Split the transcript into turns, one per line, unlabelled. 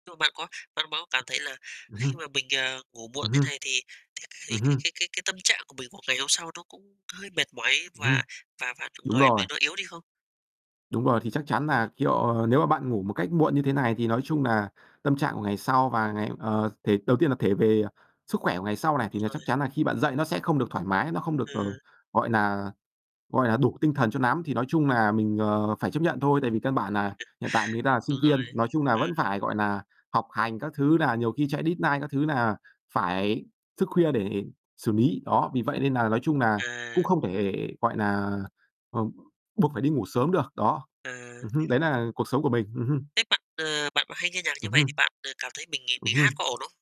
Nhưng mà bạn có bạn có cảm thấy là
Ừm
khi
hưm.
mà mình, ờ, ngủ muộn
Ừm
thế
hưm.
này thì thì thì
Ừm
cái
hưm.
cái cái cái tâm trạng của mình một ngày hôm sau nó cũng hơi mệt mỏi
Ừm hưm.
và và và đồng
Đúng
thời
rồi.
mình nó yếu đi không?
Đúng rồi. Thì chắc chắn là, kiểu, nếu mà bạn ngủ một cách muộn như thế này thì nói chung nà tâm trạng của ngày sau và ngày ờ, thể đầu tiên là thể về sức khỏe của ngày sau này, thì
Đúng
là chắc
rồi.
chắn là khi bạn dậy nó sẽ không được thoải mái, nó không được, ờ,
Ừ.
gọi nà gọi là đủ tinh thần cho nắm. Thì nói chung nà mình, ờ, phải chấp nhận thôi, tại vì căn bản nà hiện tại mình đang sinh
Đúng
viên.
rồi,
Nói chung nà vẫn
ừ.
phải, gọi nà, học hành các thứ, nà nhiều khi chạy deadline các thứ nà phải thức khuya để xử lý. Đó, vì vậy nên nà nói chung nà cũng
À.
không thể, gọi nà, ờ, buộc phải đi ngủ sớm được, đó.
À.
Ừm hứm, đấy nà cuộc sống của mình. Ừm hưm.
Thế bạn, ờ, bạn hay nghe nhạc như
Ừm
vầy
hưm.
thì bạn, ờ, cảm thấy mình
Ừm
bị hát
hưm.
có ổn không?